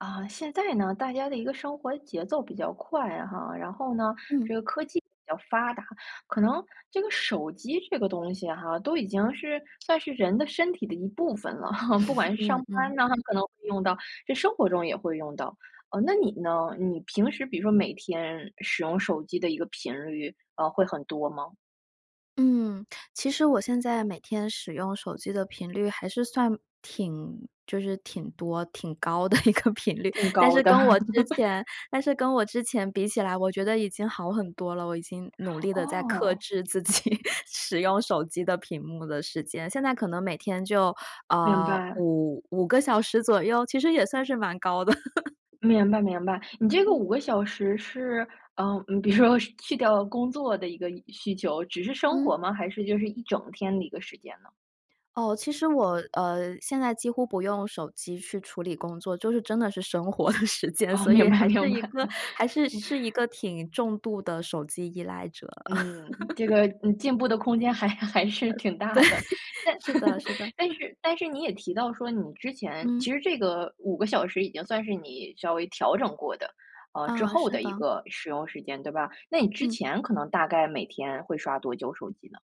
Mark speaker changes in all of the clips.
Speaker 1: 啊，现在呢，大家的一个生活节奏比较快哈，然后呢，
Speaker 2: 嗯。
Speaker 1: 这个科技比较发达，可能这个手机这个东西哈，都已经是算是人的身体的一部分了。不管 是
Speaker 2: 嗯
Speaker 1: 上班
Speaker 2: 嗯。
Speaker 1: 呢，可能会用到，这生活中也会用到。呃，那你呢？你平时比如说每天使用手机的一个频率，啊，会很多吗？
Speaker 2: 嗯，其实我现在每天使用手机的频率还是算挺就是挺多、挺高的一个频率。
Speaker 1: 更
Speaker 2: 但
Speaker 1: 高
Speaker 2: 是
Speaker 1: 的。
Speaker 2: 跟 我之前但是跟我之前比起来，我觉得已经好很多了。我已经努力地在克
Speaker 1: 哦。
Speaker 2: 制自己使用手机的屏幕的时间，现在可能每天就，
Speaker 1: 明
Speaker 2: 啊，
Speaker 1: 白。
Speaker 2: 55个小时左右，其实也算是蛮高的。
Speaker 1: 明白明白。你这个
Speaker 2: 嗯。
Speaker 1: 5个小时是，呃比如说去掉工作的一个需求，只是生活
Speaker 2: 嗯。
Speaker 1: 吗？还是就是一整天的一个时间呢？
Speaker 2: 哦，其实我，呃，现在几乎不用手机去处理工作，就是真的是生活的时间，
Speaker 1: 哦，
Speaker 2: 所以
Speaker 1: 明白
Speaker 2: 还是
Speaker 1: 明
Speaker 2: 一
Speaker 1: 白。
Speaker 2: 个还是是一 个挺重度的手机依赖者。
Speaker 1: 嗯。这 个嗯，进步的空间还还是
Speaker 2: 呃，对，
Speaker 1: 挺大的。但
Speaker 2: 是的是的。
Speaker 1: 但 是但是你也提到说，你之前
Speaker 2: 嗯。
Speaker 1: 其实这个5个小时已经算是你稍微调整过的，呃之
Speaker 2: 啊，
Speaker 1: 后
Speaker 2: 是
Speaker 1: 的一
Speaker 2: 的。
Speaker 1: 个使用时间，对吧？那你之
Speaker 2: 嗯。
Speaker 1: 前可能大概每天会刷多久手机呢？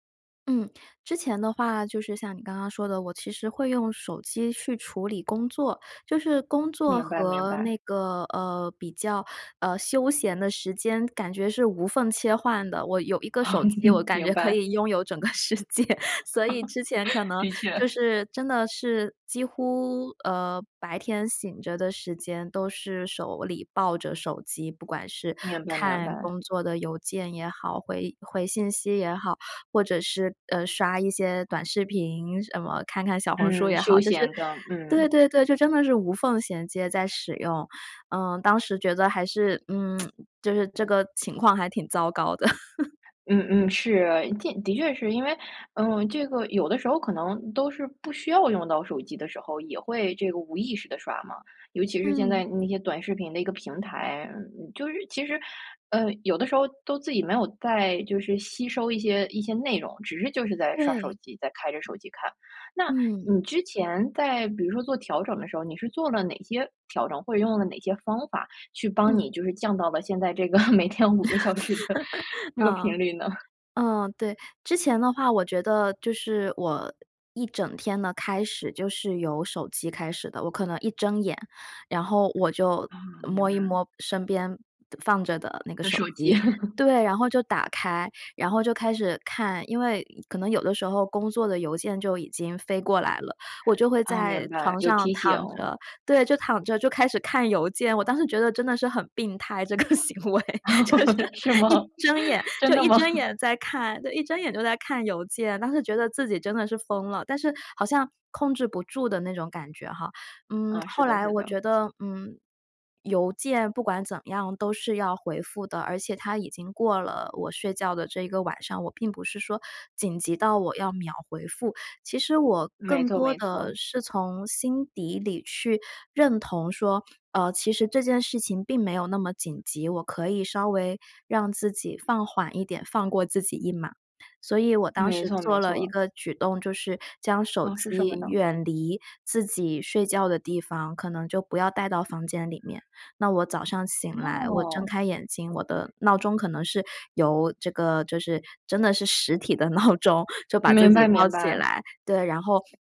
Speaker 2: 嗯。之前的话，就是像你刚刚说的，我其实会用手机去处理工作，就是工作
Speaker 1: 明白明
Speaker 2: 和
Speaker 1: 白。
Speaker 2: 那个，呃，比较呃休闲的时间感觉是无缝切换的。我有1个手 机，我感觉
Speaker 1: 明
Speaker 2: 可
Speaker 1: 白。
Speaker 2: 以拥有整个世界。所以之前可 能
Speaker 1: 的确。
Speaker 2: 就是真的是几乎，呃，白天醒着的时间都是手里抱着手机。不管是
Speaker 1: 明白明
Speaker 2: 看
Speaker 1: 白。
Speaker 2: 工作的邮件也好，回回信息也好，或者是，呃，刷一些短视频什么，看看小红书
Speaker 1: 嗯，
Speaker 2: 也
Speaker 1: 休
Speaker 2: 好，就是
Speaker 1: 闲的，
Speaker 2: 对
Speaker 1: 嗯。
Speaker 2: 对对，就真的是无缝衔接在使用，嗯。当时觉得还是，嗯，就是这个情况还挺糟糕的。
Speaker 1: 嗯嗯，是。的的确是，因为，呃，这个有的时候可能都是不需要用到手机的时候，也会这个无意识地刷嘛。尤其是现
Speaker 2: 嗯。
Speaker 1: 在那些短视频的一个平台，嗯，就是其实，呃，有的时候都自己没有在就是吸收一些一些内容，只是就是在刷手
Speaker 2: 对。
Speaker 1: 机，在开着手机看。那
Speaker 2: 嗯。
Speaker 1: 你之前在比如说做调整的时候，你是做了哪些调整？或者用了哪些方法去帮
Speaker 2: 嗯。
Speaker 1: 你就是降到了现在这个 每天5个小时的 这个
Speaker 2: 嗯，
Speaker 1: 频率呢？
Speaker 2: 嗯，对。之前的话，我觉得就是我一整天的开始就是由手机开始的。我可能一睁眼，然后我就
Speaker 1: 啊，明
Speaker 2: 摸一
Speaker 1: 白。
Speaker 2: 摸身边放着的那个
Speaker 1: 的
Speaker 2: 手
Speaker 1: 手机。
Speaker 2: 机，对，然后就打开，然后就开始看因为可能有的时候工作的邮件就已经飞过来了，我就会
Speaker 1: 啊，明
Speaker 2: 在
Speaker 1: 白，
Speaker 2: 床
Speaker 1: 有
Speaker 2: 上
Speaker 1: 提
Speaker 2: 躺
Speaker 1: 醒。
Speaker 2: 着对，就躺着就开始看邮件。我当时觉得真的是很病态这个行为，就是
Speaker 1: 是吗？
Speaker 2: 一睁眼
Speaker 1: 真
Speaker 2: 就
Speaker 1: 的
Speaker 2: 一
Speaker 1: 吗？
Speaker 2: 睁眼在看就一睁眼就在看邮件。当时觉得自己真的是疯了，但是好像控制不住的那种感觉哈。嗯，
Speaker 1: 啊，是
Speaker 2: 后
Speaker 1: 的
Speaker 2: 来
Speaker 1: 是
Speaker 2: 我
Speaker 1: 的。
Speaker 2: 觉得，嗯，邮件不管怎样都是要回复的，而且它已经过了我睡觉的这一个晚上，我并不是说紧急到我要秒回复。其实我
Speaker 1: 没
Speaker 2: 更
Speaker 1: 错
Speaker 2: 多
Speaker 1: 没
Speaker 2: 的
Speaker 1: 错。
Speaker 2: 是从心底里去认同说，呃，其实这件事情并没有那么紧急，我可以稍微让自己放缓一点，放过自己一马。所以我当
Speaker 1: 没
Speaker 2: 时
Speaker 1: 错没
Speaker 2: 做了一
Speaker 1: 错。
Speaker 2: 个举动，就是将手
Speaker 1: 啊，是什么
Speaker 2: 机
Speaker 1: 呢？
Speaker 2: 远离自己睡觉的地方，可能就不要带到房间里面。那我早上醒来我睁
Speaker 1: 哦。
Speaker 2: 开眼睛，我的闹钟可能是由这个就是真的是实体的闹钟，就把自
Speaker 1: 明
Speaker 2: 己
Speaker 1: 白
Speaker 2: 闹
Speaker 1: 明
Speaker 2: 起
Speaker 1: 白。
Speaker 2: 来。对，然后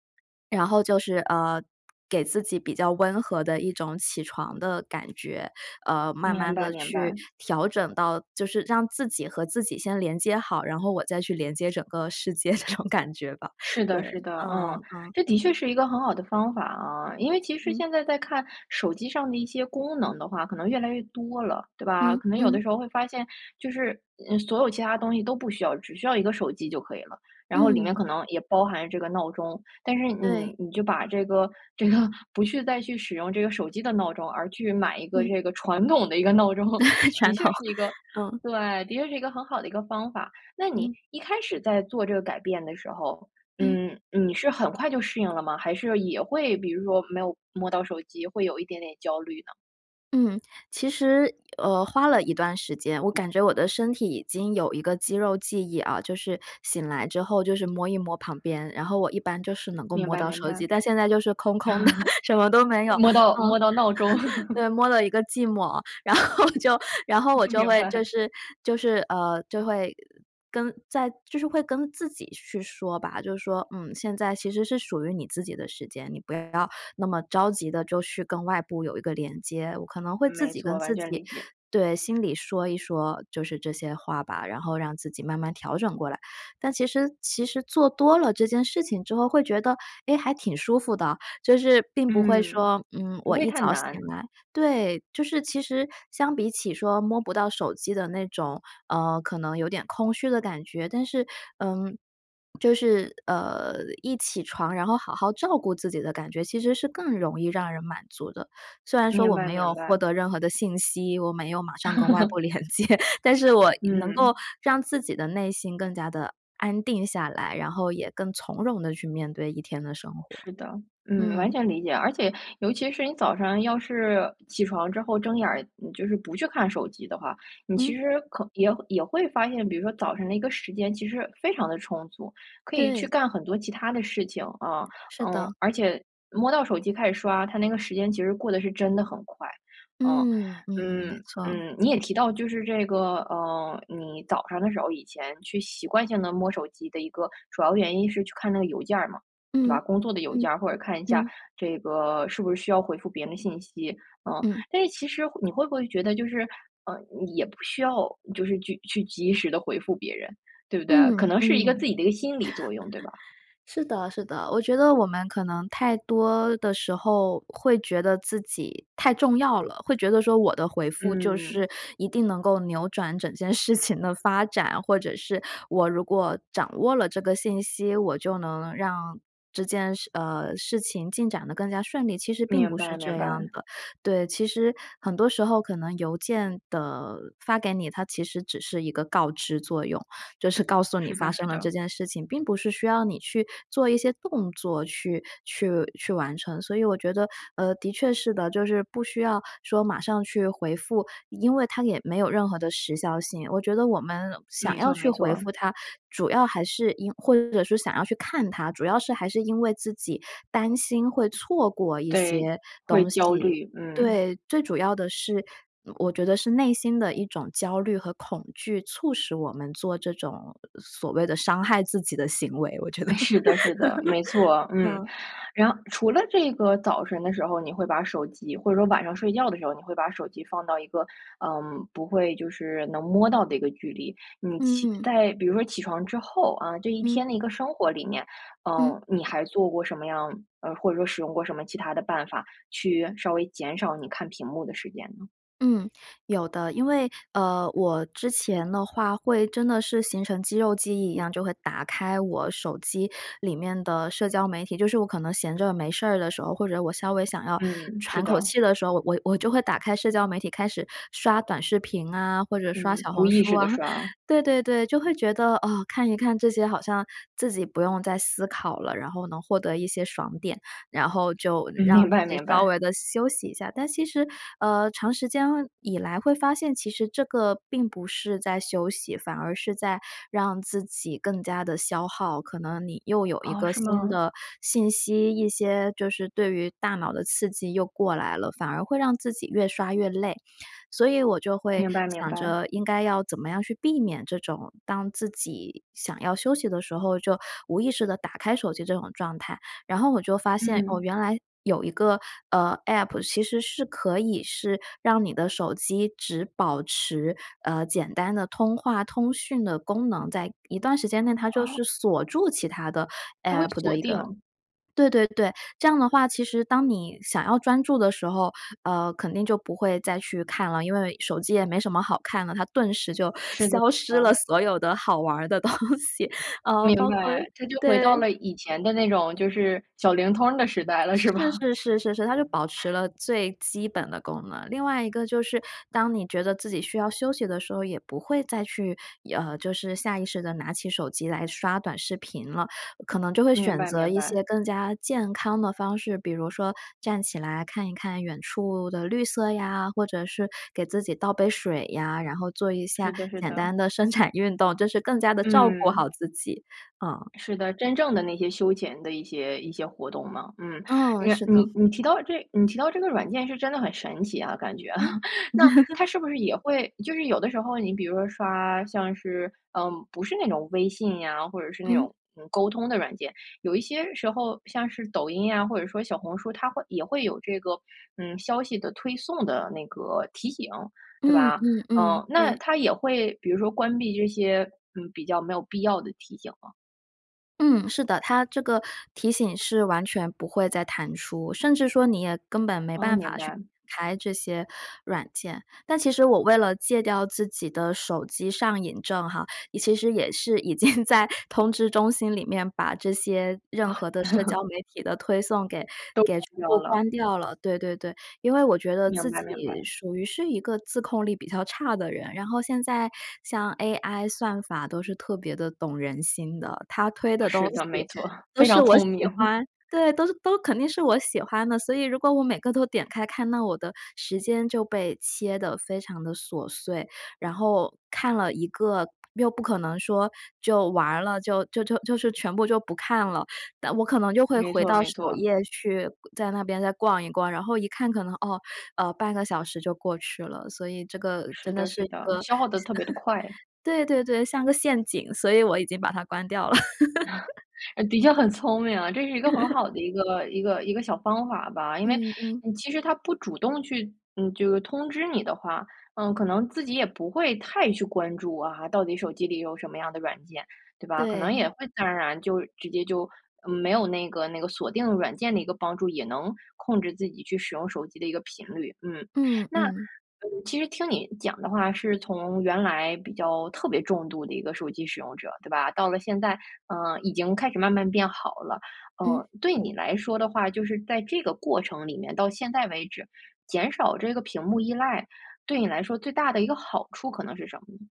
Speaker 2: 然后就是，呃，给自己比较温和的一种起床的感觉，呃，慢
Speaker 1: 明
Speaker 2: 慢
Speaker 1: 白
Speaker 2: 地
Speaker 1: 明
Speaker 2: 去
Speaker 1: 白。
Speaker 2: 调整到就是让自己和自己先连接好，然后我再去连接整个世界这种感觉吧。
Speaker 1: 是
Speaker 2: 对，
Speaker 1: 的是的，
Speaker 2: 嗯
Speaker 1: 嗯。
Speaker 2: 嗯。
Speaker 1: 这的确是一个很好的方法啊，因为其实
Speaker 2: 嗯。
Speaker 1: 现在再看手机上的一些功能的话，可能越来越多了，对吧？
Speaker 2: 嗯，
Speaker 1: 可能有
Speaker 2: 嗯。
Speaker 1: 的时候会发现，就是，嗯所有其他东西都不需要，只需要一个手机就可以了。然后里面
Speaker 2: 嗯。
Speaker 1: 可能也包含这个闹钟，但是你
Speaker 2: 对。
Speaker 1: 你就把这个这个不去再去使用这个手机的闹钟，而去买一个
Speaker 2: 嗯。
Speaker 1: 这个传统的一个闹钟，的
Speaker 2: 传
Speaker 1: 确
Speaker 2: 统，
Speaker 1: 是一个
Speaker 2: 嗯。
Speaker 1: 对，的确是一个很好的一个方法。那你
Speaker 2: 嗯。
Speaker 1: 一开始在做这个改变的时候，
Speaker 2: 嗯。
Speaker 1: 嗯，你是很快就适应了吗？还是也会比如说没有摸到手机会有一点点焦虑呢？
Speaker 2: 嗯，其实，呃，花了一段时间，我感觉我的身体已经有一个肌肉记忆啊，就是醒来之后就是摸一摸旁边，然后我一般就是能够
Speaker 1: 明
Speaker 2: 摸
Speaker 1: 白
Speaker 2: 到
Speaker 1: 明
Speaker 2: 手
Speaker 1: 白。
Speaker 2: 机。但现在就是空空的，什么都没有，
Speaker 1: 摸到，
Speaker 2: 嗯。
Speaker 1: 摸到闹钟。
Speaker 2: 对，摸了一个寂寞，然后就然后我就
Speaker 1: 明
Speaker 2: 会就
Speaker 1: 白。
Speaker 2: 是就是，呃，就会跟在就是会跟自己去说吧，就是说：“嗯，现在其实是属于你自己的时间，你不要那么着急地就去跟外部有一个连接”。我可能会自
Speaker 1: 没
Speaker 2: 己
Speaker 1: 错，
Speaker 2: 跟
Speaker 1: 完
Speaker 2: 自
Speaker 1: 全
Speaker 2: 己
Speaker 1: 理解。
Speaker 2: 对，心里说一说就是这些话吧，然后让自己慢慢调整过来。但其实其实做多了这件事情之后会觉得，哎，还挺舒服的，就是并不会
Speaker 1: 嗯，
Speaker 2: 说，嗯，
Speaker 1: 不
Speaker 2: 我
Speaker 1: 会
Speaker 2: 一
Speaker 1: 太
Speaker 2: 早醒
Speaker 1: 难。
Speaker 2: 来对，就是其实相比起说摸不到手机的那种，呃，可能有点空虚的感觉。但是，嗯，就是，呃，一起床然后好好照顾自己的感觉，其实是更容易让人满足的。虽然说
Speaker 1: 明
Speaker 2: 我
Speaker 1: 白
Speaker 2: 没有
Speaker 1: 明
Speaker 2: 获
Speaker 1: 白。
Speaker 2: 得任何的信息，我没有马上跟外部连 接，但是我能够
Speaker 1: 嗯。
Speaker 2: 让自己的内心更加地安定下来，然后也更从容地去面对1天的生活。
Speaker 1: 是的，嗯，完
Speaker 2: 嗯。
Speaker 1: 全理解。而且尤其是你早上要是起床之后睁眼儿，你就是不去看手机的话，你其
Speaker 2: 嗯。
Speaker 1: 实可也也会发现，比如说早上那个时间其实非常地充足，可以去
Speaker 2: 对。
Speaker 1: 干很多其它的事情，啊。
Speaker 2: 是
Speaker 1: 嗯，
Speaker 2: 的。
Speaker 1: 而且摸到手机开始刷，它那个时间其实过得是真的很快，嗯。
Speaker 2: 嗯，嗯，
Speaker 1: 嗯
Speaker 2: 没错。
Speaker 1: 嗯，你也提到就是这个，呃，你早上的时候以前去习惯性地摸手机的一个主要原因是去看那个邮件儿嘛，对吧？
Speaker 2: 嗯，
Speaker 1: 工作的邮
Speaker 2: 嗯，
Speaker 1: 件儿或者看一下
Speaker 2: 嗯。
Speaker 1: 这个，是不是需要回复别人的信息？嗯。
Speaker 2: 嗯。
Speaker 1: 但是其实你会不会觉得就是，呃，也不需要就是去去及时地回复别人，对不对？
Speaker 2: 嗯，
Speaker 1: 可能
Speaker 2: 嗯。
Speaker 1: 是一个 自己的一个心理作用，对吧？
Speaker 2: 是的是的，我觉得我们可能太多的时候会觉得自己太重要了，会觉得说我的回复就
Speaker 1: 嗯。
Speaker 2: 是一定能够扭转整件事情的发展，或者是我如果掌握了这个信息，我就能让这件事呃，事情进展得更加顺利，其实并
Speaker 1: 明
Speaker 2: 不是
Speaker 1: 白
Speaker 2: 这
Speaker 1: 明
Speaker 2: 样
Speaker 1: 白。
Speaker 2: 的。对，其实很多时候可能邮件的发给你，它其实只是一个告知作用，就是告诉你
Speaker 1: 是
Speaker 2: 发
Speaker 1: 的
Speaker 2: 生
Speaker 1: 是
Speaker 2: 了
Speaker 1: 的。
Speaker 2: 这件事情，并不是需要你去做一些动作去去去完成。所以我觉得，呃，的确是的，就是不需要说马上去回复，因为它也没有任何的时效性，我觉得我们想
Speaker 1: 没
Speaker 2: 要
Speaker 1: 错
Speaker 2: 去
Speaker 1: 没
Speaker 2: 回
Speaker 1: 错。
Speaker 2: 复它，主要还是因或者说想要去看它，主要是还是因为自己担心会错过一
Speaker 1: 对，
Speaker 2: 些
Speaker 1: 会
Speaker 2: 东
Speaker 1: 焦
Speaker 2: 西。
Speaker 1: 虑，嗯。
Speaker 2: 对，最主要的是我觉得是内心的一种焦虑和恐惧促使我们做这种所谓的伤害自己的行为，我觉得
Speaker 1: 哎，是的是的，没错，嗯。
Speaker 2: 嗯。
Speaker 1: 然除了这个早晨的时候，你会把手机或者说晚上睡觉的时候，你会把手机放到一个，嗯，不会就是能摸到的一个距离。你起
Speaker 2: 嗯。
Speaker 1: 在比如说起床之后啊，这1
Speaker 2: 嗯。
Speaker 1: 天的一个生活里面，
Speaker 2: 嗯。
Speaker 1: 嗯，你还做过什么样，呃或者说使用过什么其他的办法去稍微减少你看屏幕的时间呢？
Speaker 2: 嗯，有的。因为，呃，我之前的话会真的是形成肌肉记忆一样，就会打开我手机里面的社交媒体，就是我可能闲着没事儿的时候，或者我稍微想要
Speaker 1: 嗯，是
Speaker 2: 喘口
Speaker 1: 的。
Speaker 2: 气的时候，我我就会打开社交媒体开始刷短视频啊，或者刷
Speaker 1: 嗯，
Speaker 2: 小
Speaker 1: 无
Speaker 2: 红
Speaker 1: 意
Speaker 2: 书
Speaker 1: 识
Speaker 2: 啊。
Speaker 1: 地刷。
Speaker 2: 对对对，就会觉得，啊，看一看这些好像自己不用再思考了，然后能获得一些爽点，然后就
Speaker 1: 嗯，
Speaker 2: 让
Speaker 1: 明
Speaker 2: 自
Speaker 1: 白
Speaker 2: 己
Speaker 1: 明
Speaker 2: 稍
Speaker 1: 白。
Speaker 2: 微地休息一下。但其实，呃，长时间以来会发现其实这个并不是在休息，反而是在让自己更加地消耗，可能你又有一
Speaker 1: 哦，
Speaker 2: 个
Speaker 1: 是
Speaker 2: 新
Speaker 1: 吗？
Speaker 2: 的信息，一些就是对于大脑的刺激又过来了，反而会让自己越刷越累。所以我就会
Speaker 1: 明白明
Speaker 2: 想
Speaker 1: 白。
Speaker 2: 着应该要怎么样去避免这种当自己想要休息的时候，就无意识地打开手机这种状态。然后我就发现，哦，
Speaker 1: 嗯。
Speaker 2: 原来有一个，呃，App 其实是可以是让你的手机只保持，呃，简单的通话、通讯的功能，在一段时间内它就
Speaker 1: 哦？
Speaker 2: 是锁住其它的
Speaker 1: 它会
Speaker 2: App
Speaker 1: 锁
Speaker 2: 的一个
Speaker 1: 定。
Speaker 2: 对对对，这样的话，其实当你想要专注的时候，呃，肯定就不会再去看了，因为手机也没什么好看的，它顿时就
Speaker 1: 是的是
Speaker 2: 消失了
Speaker 1: 的。
Speaker 2: 所有的好玩儿的东西。呃，包
Speaker 1: 明
Speaker 2: 括，
Speaker 1: 白。这就回到
Speaker 2: 对
Speaker 1: 了以前的那种，就是小灵通儿的时代了，是吧？
Speaker 2: 是是是是是，它就保持了最基本的功能。另外一个就是当你觉得自己需要休息的时候，也不会再去，呃就是下意识地拿起手机来刷短视频了，可能就会
Speaker 1: 明
Speaker 2: 选
Speaker 1: 白
Speaker 2: 择
Speaker 1: 明
Speaker 2: 一
Speaker 1: 白。
Speaker 2: 些更加健康的方式，比如说站起来看一看远处的绿色呀，或者是给自己倒杯水呀，然后做一
Speaker 1: 是
Speaker 2: 下
Speaker 1: 的是
Speaker 2: 简
Speaker 1: 的。
Speaker 2: 单的伸展运动，这是更加地照顾好
Speaker 1: 嗯。
Speaker 2: 自己。嗯。
Speaker 1: 是的，真正的那些休闲的一些一些活动吗？嗯，
Speaker 2: 嗯，
Speaker 1: 你
Speaker 2: 是的。
Speaker 1: 你你提到这你提到这个软件是真的很神奇啊，感觉。
Speaker 2: 嗯？
Speaker 1: 那它 是不是也会就是有的时候，你比如说刷像是，嗯不是那种微信呀，或者是那
Speaker 2: 嗯？
Speaker 1: 种，嗯，沟通的软件，有一些时候像是抖音呀，或者说小红书，它会也会有这个，嗯，消息的推送的那个提醒，对
Speaker 2: 嗯
Speaker 1: 吧？
Speaker 2: 嗯嗯，
Speaker 1: 嗯，
Speaker 2: 对。
Speaker 1: 那它也会比如说关闭这些，嗯，比较没有必要的提醒吗？
Speaker 2: 嗯，是的。它这个提醒是完全不会再弹出，甚至说你也根本没
Speaker 1: 啊，
Speaker 2: 办
Speaker 1: 明
Speaker 2: 法去
Speaker 1: 白。
Speaker 2: 打开这些软件。但其实我为了戒掉自己的手机上瘾症哈，其实也是已经在通知中心里面把这些任
Speaker 1: 啊。
Speaker 2: 何的社交 媒体的推送给
Speaker 1: 都
Speaker 2: 给全
Speaker 1: 关掉
Speaker 2: 部
Speaker 1: 了。
Speaker 2: 关掉了，对对对。因为我觉得
Speaker 1: 明
Speaker 2: 自
Speaker 1: 白
Speaker 2: 己
Speaker 1: 明白。
Speaker 2: 属于是一个自控力比较差的人，然后现在像 AI 算法都是特别地懂人心的。它推的东
Speaker 1: 是的，没
Speaker 2: 西
Speaker 1: 错。
Speaker 2: 都
Speaker 1: 非
Speaker 2: 是
Speaker 1: 常
Speaker 2: 我喜
Speaker 1: 聪明。
Speaker 2: 欢对，都是都肯定是我喜欢的，所以如果我每个都点开看，那我的时间就被切得非常地琐碎。然后看了一个又不可能说就完了，就就就就是全部就不看了，但我可能就会
Speaker 1: 没
Speaker 2: 回
Speaker 1: 错
Speaker 2: 到
Speaker 1: 没
Speaker 2: 首
Speaker 1: 错。
Speaker 2: 页去，在那边再逛一逛，然后一看可能哦，呃，0.5个小时就过去了。所以这个真
Speaker 1: 是
Speaker 2: 的
Speaker 1: 的
Speaker 2: 是
Speaker 1: 是
Speaker 2: 一
Speaker 1: 的，
Speaker 2: 个，
Speaker 1: 消耗得特别地快。
Speaker 2: 对对对，像个陷阱，所以我已经把它关掉了。
Speaker 1: 的确很聪明啊，这是一个很 好的一个一个一个小方法吧。因为
Speaker 2: 嗯嗯。
Speaker 1: 其实它不主动去嗯，这个通知你的话，嗯，可能自己也不会太去关注啊，到底手机里有什么样的软件，对吧？可能也
Speaker 2: 对。
Speaker 1: 会自然而然就直接就，嗯，没有那个那个锁定软件的一个帮助，也能控制自己去使用手机的一个频率，嗯。
Speaker 2: 嗯，
Speaker 1: 那，
Speaker 2: 嗯。
Speaker 1: 嗯，其实听你讲的话是从原来比较特别重度的一个手机使用者，对吧？到了现在，呃，已经开始慢慢变好了，
Speaker 2: 嗯？
Speaker 1: 呃，对你来说的话，就是在这个过程里面，到现在为止，减少这个屏幕依赖，对你来说最大的1个好处可能是什么呢？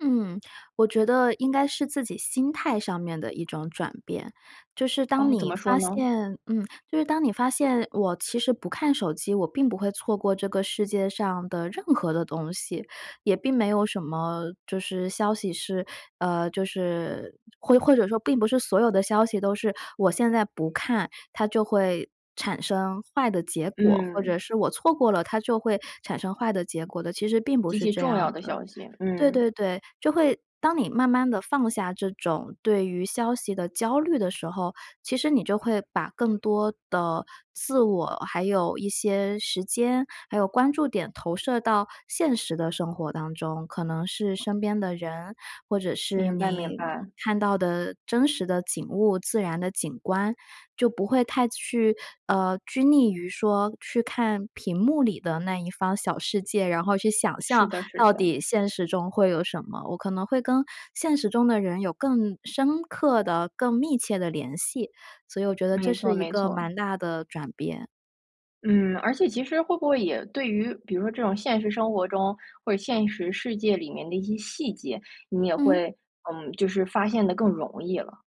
Speaker 2: 嗯。我觉得应该是自己心态上面的一种转变，就是当
Speaker 1: 哦，怎
Speaker 2: 你
Speaker 1: 么说
Speaker 2: 发
Speaker 1: 呢？
Speaker 2: 现嗯，就是当你发现我其实不看手机，我并不会错过这个世界上的任何的东西，也并没有什么就是消息是，呃，就是或或者说并不是所有的消息都是我现在不看，它就会产生坏的结果，或者
Speaker 1: 嗯。
Speaker 2: 是我错过了，它就会产生坏的结果的，其实并不
Speaker 1: 极
Speaker 2: 是
Speaker 1: 其
Speaker 2: 这
Speaker 1: 重
Speaker 2: 样
Speaker 1: 要的
Speaker 2: 的。
Speaker 1: 消息，
Speaker 2: 对
Speaker 1: 嗯。
Speaker 2: 对对，就会当你慢慢地放下这种对于消息的焦虑的时候，其实你就会把更多的自我，还有一些时间，还有关注点投射到现实的生活当中。可能是身边的人，或者是
Speaker 1: 明白明
Speaker 2: 你
Speaker 1: 白。
Speaker 2: 看到的真实的景物，自然的景观，就不会太去，呃，拘泥于说去看屏幕里的那一方小世界，然后去想
Speaker 1: 是
Speaker 2: 象
Speaker 1: 的是
Speaker 2: 到
Speaker 1: 的。
Speaker 2: 底现实中会有什么，我可能会跟现实中的人有更深刻的、更密切的联系。所以我觉得这
Speaker 1: 没错
Speaker 2: 是一
Speaker 1: 没
Speaker 2: 个
Speaker 1: 错。
Speaker 2: 蛮大的转变。
Speaker 1: 嗯，而且其实会不会也对于比如说这种现实生活中，或者现实世界里面的一些细节，你也
Speaker 2: 嗯？
Speaker 1: 会，嗯，就是发现得更容易了？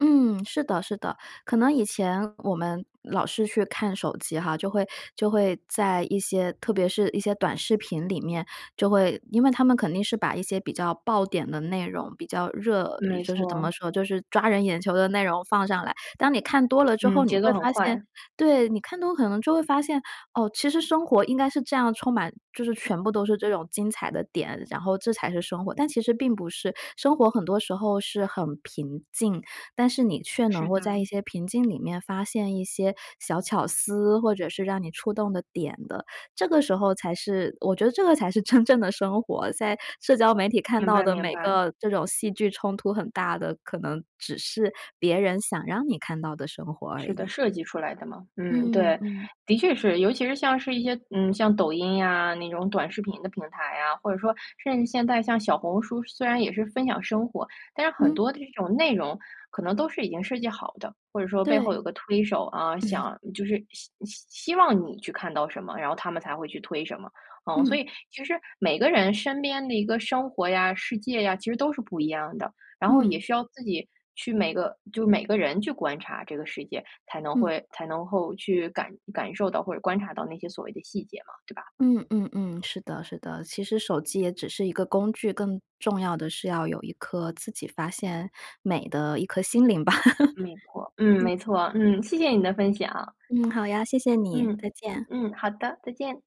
Speaker 2: 嗯，是的是的。可能以前我们老是去看手机哈，就会就会在一些特别是一些短视频里面，就会因为它们肯定是把一些比较爆点的内容，比较热
Speaker 1: 没
Speaker 2: 就是怎
Speaker 1: 错。
Speaker 2: 么说，就是抓人眼球的内容放上来。当你看多了之后，
Speaker 1: 嗯，
Speaker 2: 你
Speaker 1: 节
Speaker 2: 会
Speaker 1: 奏很
Speaker 2: 发现
Speaker 1: 快。
Speaker 2: 对，你看多了可能就会发现，哦，其实生活应该是这样充满就是全部都是这种精彩的点，然后这才是生活，但其实并不是。生活很多时候是很平静，但是你却能
Speaker 1: 是
Speaker 2: 够在一
Speaker 1: 的。
Speaker 2: 些平静里面发现一些小巧思，或者是让你触动的点的，这个时候才是我觉得这个才是真正的生活，在社交媒体看
Speaker 1: 明
Speaker 2: 到
Speaker 1: 白
Speaker 2: 的
Speaker 1: 明
Speaker 2: 每
Speaker 1: 白。
Speaker 2: 个这种戏剧冲突很大的，可能只是别人想让你看到的生活而
Speaker 1: 是的，
Speaker 2: 已。
Speaker 1: 设计出来的嘛，嗯，
Speaker 2: 嗯，
Speaker 1: 对，
Speaker 2: 嗯。
Speaker 1: 的确是。尤其是像是一些嗯，像抖音呀，那种短视频的平台呀，或者说甚至现在像小红书虽然也是分享生活，但是很
Speaker 2: 嗯。
Speaker 1: 多的这种内容可能都是已经设计好的，或者说背后
Speaker 2: 对。
Speaker 1: 有个推手啊，
Speaker 2: 嗯。
Speaker 1: 想就是希希希望你去看到什么，然后它们才会去推什么，嗯。所
Speaker 2: 嗯。
Speaker 1: 以其实每个人身边的一个生活呀、世界呀，其实都是不一样的，然后也
Speaker 2: 嗯。
Speaker 1: 需要自己去每个就每个人去观察这个世界，才能
Speaker 2: 嗯。
Speaker 1: 会才能够去感感受到或者观察到那些所谓的细节嘛，对吧？
Speaker 2: 嗯嗯嗯，是的是的，其实手机也只是一个工具，更重要的是要有一颗自己发现美的一颗心灵吧，
Speaker 1: 没错，嗯，
Speaker 2: 嗯。
Speaker 1: 没错。嗯，谢谢你的分享。
Speaker 2: 嗯，好呀，谢谢你。
Speaker 1: 嗯，
Speaker 2: 再见。
Speaker 1: 嗯，好的。再见。